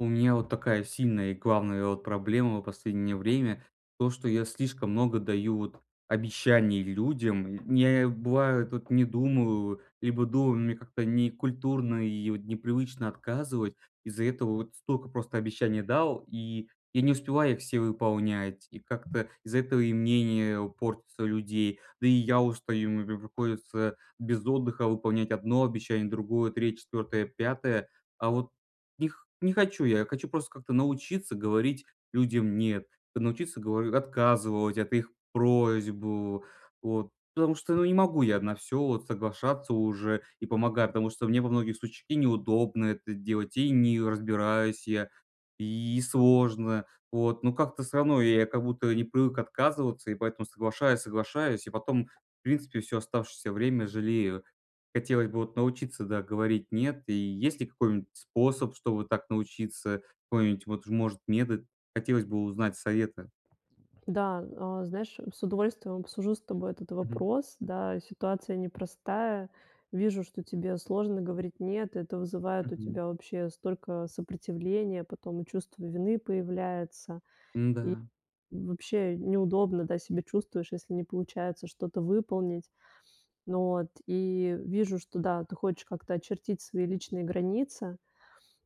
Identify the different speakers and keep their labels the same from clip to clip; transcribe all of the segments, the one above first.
Speaker 1: У меня вот такая сильная и главная вот проблема в последнее время- то, что я слишком много даю вот обещаний людям. Ня бывает, вот не думаю, либо думаю, мне как-то некультурно и вот непривычно отказывать. Из-за этого вот столько просто обещаний дал, и я не успеваю их все выполнять, и как-то из-за этого и мнение у портится людей. Да, и я устаю, м_ прям приходится без отдыха выполнять 1 обещание, другое, 3, 4, 5. А вот не х не хочу я, я хочу просто как-то научиться говорить людям "нет", т научиться, говорю, отказывать от их просьб, э. Вот, потому что ну не могу я на всё вот соглашаться уже и помогать, потому что мне во многих случ и неудобно это делать, и не разбираюсь я, и сложно. Вот. Но как-то всё равно я как будто не привык отказываться, и поэтому соглашаюсь, соглашаюсь, и потом, в принципе, всё оставшееся время жалею. Хотелось бы вот научиться, да, говорить "нет". И есть ли какой-нибудь способ, чтобы так научиться? Какой-нибудь вот ж, может, метод? Хотелось бы узнать советы.
Speaker 2: Да, а, знаешь, с удовольствием обсужу с тобой этот
Speaker 1: Мгм.
Speaker 2: вопрос. Да, ситуация непростая. Вижу, что тебе сложно говорить "нет", это вызывает у
Speaker 1: Мгм.
Speaker 2: тебя вообще столько сопротивления, потом и чувство вины появляется. И
Speaker 1: М-да.
Speaker 2: и вообще, неудобно, да, себя чувствуешь, если не получается что-то выполнить, вот. И вижу, что, да, ты хочешь как-то очертить свои личные границы.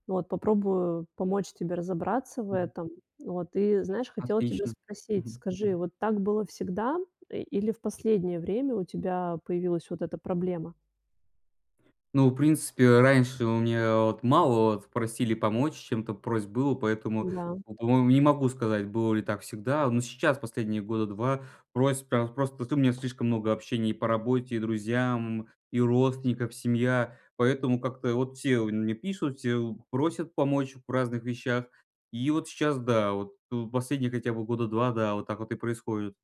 Speaker 2: Вот. Попробую помочь тебе разобраться в
Speaker 1: Мгм.
Speaker 2: этом. Вот. И знаешь, хотела тебя
Speaker 1: Отлично.
Speaker 2: спросить:
Speaker 1: Мгм.
Speaker 2: скажи, вот так было всегда, э, или в последнее время у тебя появилась вот эта проблема?
Speaker 1: Ну, в принципе, э, раньше у меня вот мало вот просили помочь чем-то, просьб было, поэтому,
Speaker 2: Да.
Speaker 1: ну, по-моему, не могу сказать, было ли так всегда. Э, но сейчас, последние года 2, просьб прям просто т у меня слишком много общения и по работе, и друзьям, и родственников семья, поэтому как-то вот все мне пишут, все вот просят помочь в разных вещах. И вот сейчас да, вот, э, последние хотя бы года 2, да, вот так вот и происходит.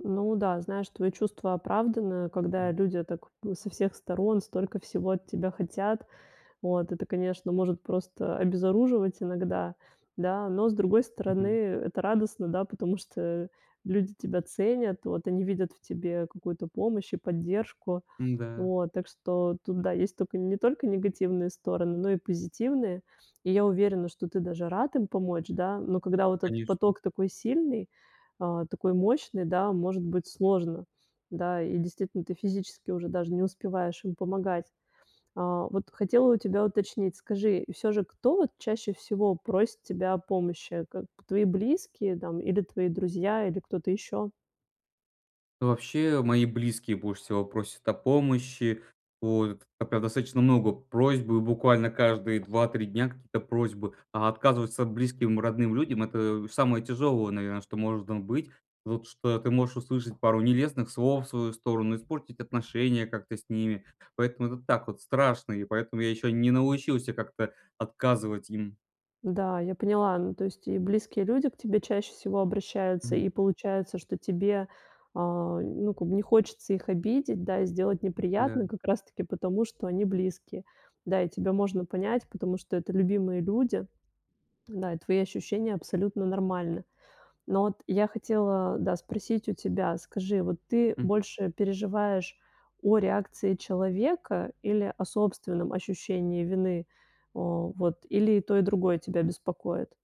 Speaker 2: Ну да, знаешь, твоё чувство оправдано, когда
Speaker 1: Мгм.
Speaker 2: люди так в со всех сторон столько всего от тебя хотят. Вот. Это, конечно, может просто обезоруживать иногда. Да? Но, с другой стороны,
Speaker 1: Мгм.
Speaker 2: это радостно, да, потому что люди тебя ценят, вот, они видят в тебе какую-то помощь и поддержку.
Speaker 1: М-да.
Speaker 2: Вот. Так что тут, да, есть только не только негативные стороны, но и позитивные. И я уверена, что ты даже рад им помочь, да, но когда вот этот
Speaker 1: Конечно.
Speaker 2: поток такой сильный, э, такой мощный, да, может быть сложно. Да, и, действительно, ты физически уже даже не успеваешь им помогать. А вот хотела у тебя уточнить, скажи, и всё же, кто вот чаще всего просит тебя о помощи? Как твои близкие там или твои друзья, или кто-то ещё?
Speaker 1: Вообще, мои близкие больше всего просят о помощи. Вот, а прям достаточно много просьбы буквально каждые 2-3 дня какие-то просьбы. А отказываться близким родным людям это самое тяжелое, наверно, что может там быть. Вот что ты можешь услышать пару нелестных слов в свою сторону, испортить отношения как-то с ними. Поэтому это так вот страшно, и поэтому я ещё не научился как-то отказывать им.
Speaker 2: Да, я поняла. Ну то есть и близкие люди к тебе чаще всего обращаются,
Speaker 1: Мгм.
Speaker 2: и получается, что тебе, а, ну как бы не хочется их обидеть, да, и сделать
Speaker 1: Да.
Speaker 2: неприятно как раз таки потому, что они близкие. Да, и тебя можно понять, потому что это любимые люди, да, и твои ощущения абсолютно нормальны. Но вот я хотела, да, спросить у тебя, скажи, вот ты
Speaker 1: Мгм.
Speaker 2: больше переживаешь о реакции человека или о собственном ощущении вины? О, вот, или и то, и другое тебя беспокоит?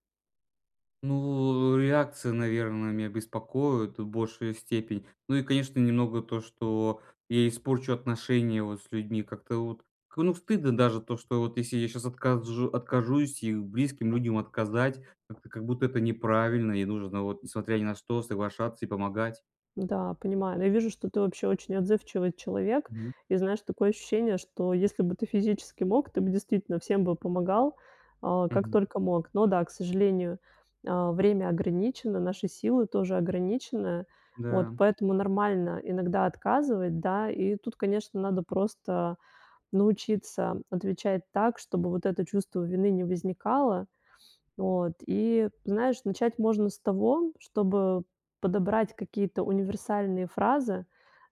Speaker 1: Ну, э, реакция, наверное, меня беспокоит в большей степени. Ну и, конечно, немного то, что я испорчу отношения вот с людьми. Как-то вот к ну стыдно даже, то что вот если я щас отказжу откажусь и у близким людям отказать, как-то как будто это неправильно. И нужно вот, несмотря ни на что, соглашаться и помогать.
Speaker 2: Да, понимаю. Ну я вижу, что ты вообще очень отзывчивый человек.
Speaker 1: Мгм.
Speaker 2: И знаешь, такое ощущение, что если бы ты физически мог, ты бы действительно всем бы помогал, э, как
Speaker 1: Мгм.
Speaker 2: только мог. Но да, к сожалению, э, время ограничено, наши силы тоже ограничены, вот.
Speaker 1: Да.
Speaker 2: Поэтому нормально иногда отказывать да. И тут, конечно, надо просто научиться отвечать так, чтобы вот это чувство вины не возникало. Вот. И, знаешь, начать можно с того, чтобы подобрать какие-то универсальные фразы,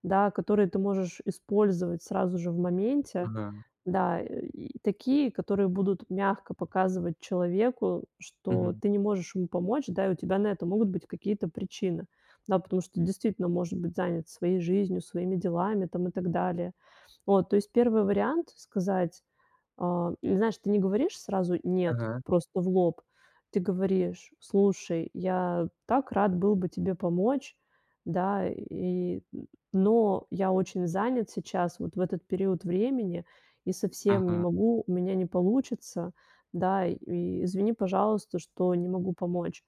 Speaker 2: да, которые ты можешь использовать сразу же в моменте.
Speaker 1: Ага.
Speaker 2: Да, и такие, которые будут мягко показывать человеку, что
Speaker 1: Мгм.
Speaker 2: ты не можешь ему помочь, да, и у тебя на это могут быть какие-то причины. Да, потому что, действительно, может быть занят своей жизнью, своими делами там и так далее. Вот. То есть, 1 вариант сказать, э или знаешь, ты не говоришь сразу "нет",
Speaker 1: Ага.
Speaker 2: просто в лоб, ты говоришь: "Слушай, я так рад был бы тебе помочь, да, и но я очень занят сейчас, вот в этот период времени и совсем не
Speaker 1: Ага.
Speaker 2: могу. У меня не получится, да, и извини, пожалуйста, что не могу помочь".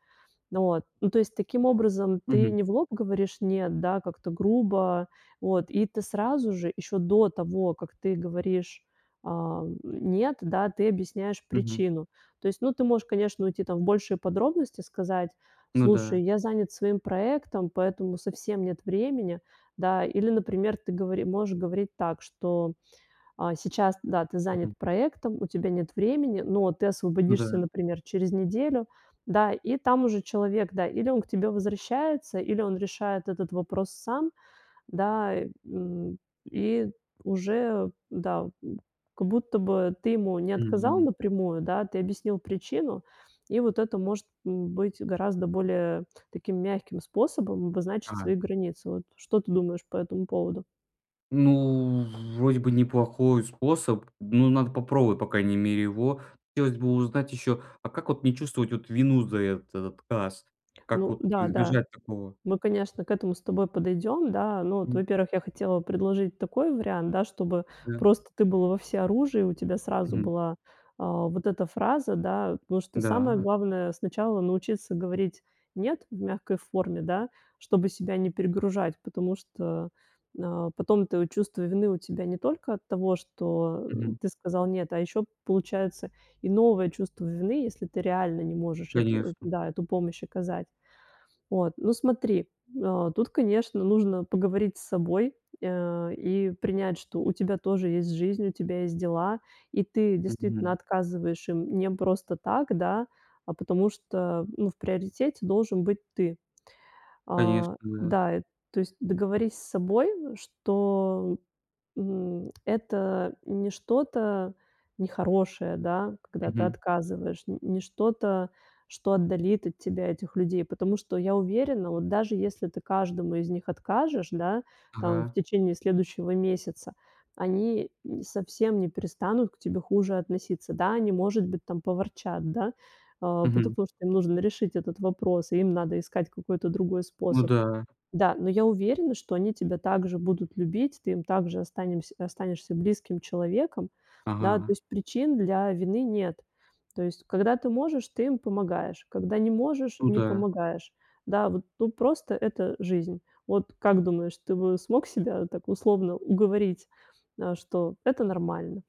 Speaker 2: Вот. Ну то есть, таким образом ты
Speaker 1: Мгм.
Speaker 2: не в лоб говоришь "нет", да, как-то грубо, вот. И ты сразу же, ещё до того, как ты говоришь, ам, "нет", да, ты объясняешь
Speaker 1: Мгм.
Speaker 2: причину. То есть, ну ты можешь, конечно, уйти там в большие подробности, сказать:
Speaker 1: Ну да.
Speaker 2: "Слушай, я занят своим проектом, поэтому совсем нет времени". Да, или, например, ты говори можешь говорить так, что, а, сейчас да, ты занят
Speaker 1: Мгм.
Speaker 2: проектом, у тебя нет времени, но ты
Speaker 1: Ну да.
Speaker 2: освободишься, например, через неделю, да. И там уже человек, да, или он к тебе возвращается, или он решает этот вопрос сам, да, м. И уже, да, м, как будто бы ты ему не отказал
Speaker 1: Мгм.
Speaker 2: напрямую, да, ты объяснил причину. И вот это может быть гораздо более таким мягким способом обозначить
Speaker 1: А.
Speaker 2: свои границы. Вот что ты думаешь по этому поводу?
Speaker 1: Ну, вроде бы неплохой способ, ну, надо попробовать, по крайней мере, его. Хотелось бы узнать ещё, а как вот не чувствовать вот вину за этот отказ? Как
Speaker 2: Ну
Speaker 1: вот
Speaker 2: да, да.
Speaker 1: избежать такого?
Speaker 2: Мы, конечно, к этому с тобой подойдём, да. Но вот,
Speaker 1: М.
Speaker 2: во-первых, я хотела предложить такой вариант. Да, чтобы
Speaker 1: Да.
Speaker 2: просто ты был во всеоружии и у тебя сразу
Speaker 1: Мгм.
Speaker 2: была, э, вот эта фраза, да. Потому что самое
Speaker 1: Да?
Speaker 2: главное сначала научиться говорить "нет" в мягкой форме, да, чтобы себя не перегружать. Потому что, э, потом твое чувство вины у тебя не только от того, что
Speaker 1: Мгм.
Speaker 2: ты сказал нет, а ещё получается и новое чувство вины, если ты реально не можешь эту эт
Speaker 1: Конечно.
Speaker 2: да, эту помощь оказать. Вот, ну, смотри, э, тут, конечно, нужно поговорить с собой, э, и принять, что у тебя тоже есть жизнь, у тебя есть дела. И ты действительно
Speaker 1: Мгм.
Speaker 2: отказываешь им не просто так, да, а потому что, ну, в приоритете должен быть ты.
Speaker 1: Конечно,
Speaker 2: А,
Speaker 1: да.
Speaker 2: да, и то есть, договорись с собой, что, м, это не что-то нехорошее, да, когда ты
Speaker 1: Мгм.
Speaker 2: отказываешь. Н не что-то, что отдалит от тебя этих людей. Потому что я уверена, вот даже если ты каждому из них откажешь, да, там в
Speaker 1: Ага.
Speaker 2: течение следующего месяца, они совсем не перестанут к тебе хуже относиться. Да, они, может быть там поворчат, да. Э,
Speaker 1: Мгм.
Speaker 2: потому что им нужно решить этот вопрос и им надо искать какой-то другой
Speaker 1: Ну
Speaker 2: способ.
Speaker 1: да.
Speaker 2: Да, но я уверена, что они тебя так же будут любить, ты им так же останем останешься близким человеком, да. То
Speaker 1: Ага.
Speaker 2: есть, причин для вины нет. То есть, когда ты можешь, ты им помогаешь, когда не можешь,
Speaker 1: Ну
Speaker 2: не
Speaker 1: да.
Speaker 2: помогаешь. Да, вот, ну, просто это жизнь. Вот как думаешь, ты бы смог себя так, условно, уговорить, э, что это нормально?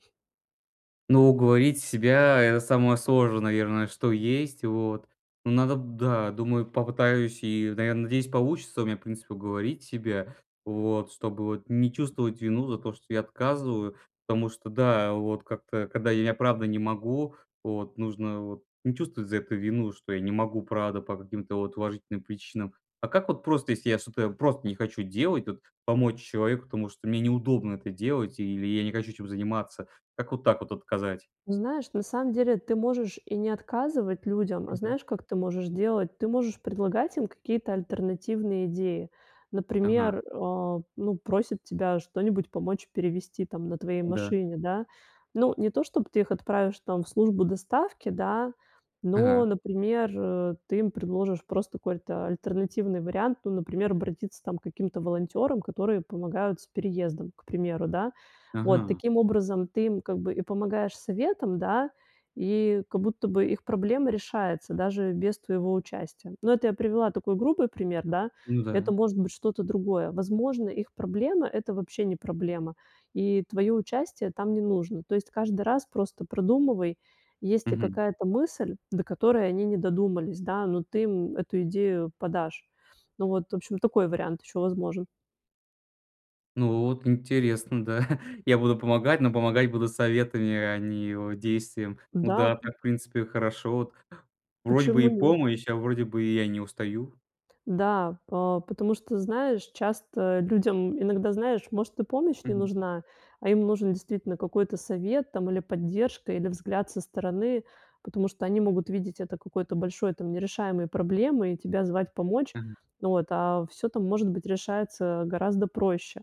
Speaker 1: Ну, уговорить себя это самое сложное, наверное, что есть. Вот. Но надо, да, думаю, попытаюсь и, наверное, надеюсь, получится у меня, в принципе, уговорить себя. Вот. Чтобы вот не чувствовать вину за то, что я отказываю, потому что, да, вот как-то, когда я, правда, могу, вот, нужно вот не чувствовать за это вину, что я не могу, правда, по каким-то вот уважительным причинам. А как вот просто, если я что-то просто не хочу делать, вот, помочь человеку, потому что мне неудобно это делать или я не хочу этим заниматься, как вот так вот отказать?
Speaker 2: Ну знаешь, на самом деле ты можешь и не отказывать людям, а
Speaker 1: Мгм.
Speaker 2: знаешь, как ты можешь делать? Ты можешь предлагать им какие-то альтернативные идеи.
Speaker 1: Ага.
Speaker 2: Например, а, ну просит тебя что-нибудь помочь перевезти там на твоей
Speaker 1: Да.
Speaker 2: машине, да. Ну, не то, чтобы ты их отправишь, там, в службу доставки, да, но,
Speaker 1: Ага.
Speaker 2: например, э, ты им предложишь просто какой-то альтернативный вариант. Ну, например, обратиться, там, к каким-то волонтерам, которые помогают с переездом, к примеру, да. Вот
Speaker 1: Ага.
Speaker 2: таким образом ты им как бы и помогаешь советом, да, и как будто бы их проблема решается даже без твоего участия. Но это я привела такой грубый пример, да.
Speaker 1: Ну
Speaker 2: Это
Speaker 1: да.
Speaker 2: может быть что-то другое. Возможно, их проблема это вообще не проблема. И твоё участие там не нужно. То есть, каждый раз просто продумывай, есть ли
Speaker 1: Мгм.
Speaker 2: какая-то мысль, до которой они не додумались, да, но ты им эту идею подашь. Ну вот, в общем, такой вариант ещё возможен.
Speaker 1: Ну вот, интересно, да. Я буду помогать, но помогать буду советами, а не вот действием. Ну
Speaker 2: Да,
Speaker 1: да,
Speaker 2: п
Speaker 1: так, в принципе, хорошо, вот. Вроде бы
Speaker 2: Почему
Speaker 1: и
Speaker 2: нет?
Speaker 1: помощь, а вроде бы и я не устаю.
Speaker 2: Да, па потому что, знаешь, часто людям иногда, знаешь, может и помощь не
Speaker 1: Мгм.
Speaker 2: нужна, а им нужен действительно какой-то совет, там или поддержка, или взгляд со стороны. Потому что они могут видеть это какой-то большой там нерешаемой проблемой и тебя звать помочь.
Speaker 1: Мгм.
Speaker 2: Вот. А всё там, может быть, решается гораздо проще.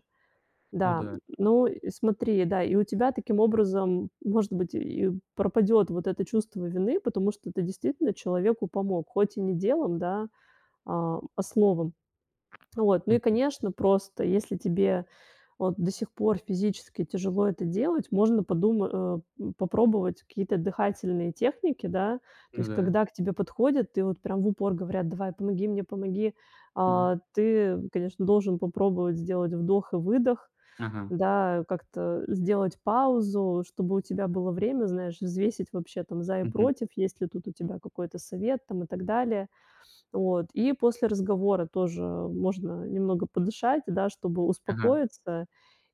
Speaker 1: Ну
Speaker 2: Да, н
Speaker 1: да.
Speaker 2: но и смотри, да, и у тебя таким образом, может быть, и пропадёт вот это чувство вины, потому что ты действительно человеку помог, хоть и не делом, да, а, а словом. Вот. Ну и,
Speaker 1: Мгм.
Speaker 2: конечно, просто если тебе, вот, до сих пор физически тяжело это делать, можно подума э, м, попробовать какие-то дыхательные техники. Да. То
Speaker 1: Ну
Speaker 2: есть,
Speaker 1: да.
Speaker 2: когда к тебе подходят и вот прям в упор говорят: "Давай, помоги мне, помоги".
Speaker 1: М.
Speaker 2: А, ты, конечно, должен попробовать сделать вдох и выдох,
Speaker 1: Ага.
Speaker 2: да, как-то сделать паузу, чтобы у тебя было время, знаешь, взвесить вообще там за и
Speaker 1: Мгм.
Speaker 2: против, есть ли тут у тебя какой-то совет там и так далее. Вот. И после разговора тоже можно немного подышать, да, чтобы
Speaker 1: Ага.
Speaker 2: успокоиться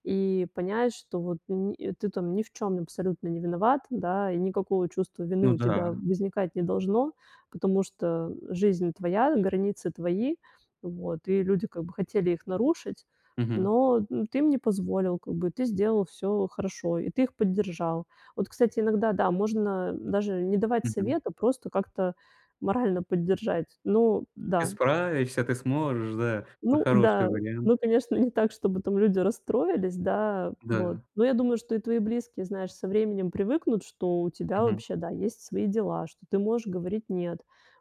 Speaker 2: и понять, что вот ни ты там ни в чём абсолютно не виноват, да, и никакого чувства вины
Speaker 1: Ну
Speaker 2: у тебя
Speaker 1: да.
Speaker 2: возникать не должно, потому что жизнь твоя, границы твои. Вот. И люди как бы хотели их нарушить,
Speaker 1: Мгм.
Speaker 2: но, м, ты им не позволил, как бы, ты сделал всё хорошо, и ты их поддержал. Вот, кстати, иногда, да, можно даже не давать
Speaker 1: Мгм.
Speaker 2: совет, а просто как-то морально поддержать. Ну
Speaker 1: Ты
Speaker 2: да.
Speaker 1: справишься, ты сможешь, да, на
Speaker 2: Ну
Speaker 1: хороший
Speaker 2: да,
Speaker 1: вариант.
Speaker 2: ну конечно, не так, чтобы там люди расстроились, да, вот,
Speaker 1: Да.
Speaker 2: но я думаю, что и твои близкие, знаешь, со временем привыкнут, что у тебя
Speaker 1: Мгм.
Speaker 2: вообще, да, есть свои дела, что ты можешь говорить нет.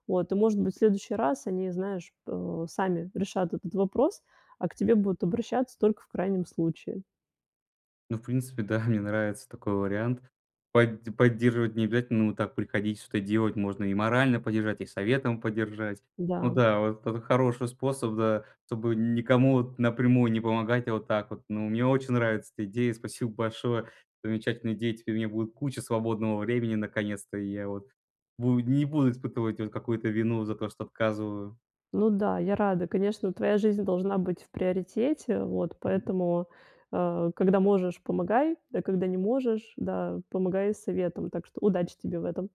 Speaker 2: Вот, и, может быть, в следующий раз они, знаешь, э, сами решат этот вопрос, а к тебе будут обращаться только в крайнем случае.
Speaker 1: Ну, в принципе, да, мне нравится такой вариант. Под поддерживать не обязательно, но так приходить, что-то делать. Можно и морально поддержать, и советом поддержать. Ну
Speaker 2: Да.
Speaker 1: да, вот это хороший способ, да, чтобы н никому вот напрямую не помогать. А вот так вот. Ну, мне очень нравится эта идея, спасибо большое. Замечательные идеи. Теперь у меня будет куча свободного времени наконец-то. И я вот буд не буду испытывать вот какую-то вину за то, что отказываю.
Speaker 2: Ну да, я рада. Конечно, твоя жизнь должна быть в приоритете. Вот.
Speaker 1: Мгм.
Speaker 2: Поэтому, э, когда можешь, помогай, а когда не можешь, да, помогай советом. Так что удачи тебе в этом.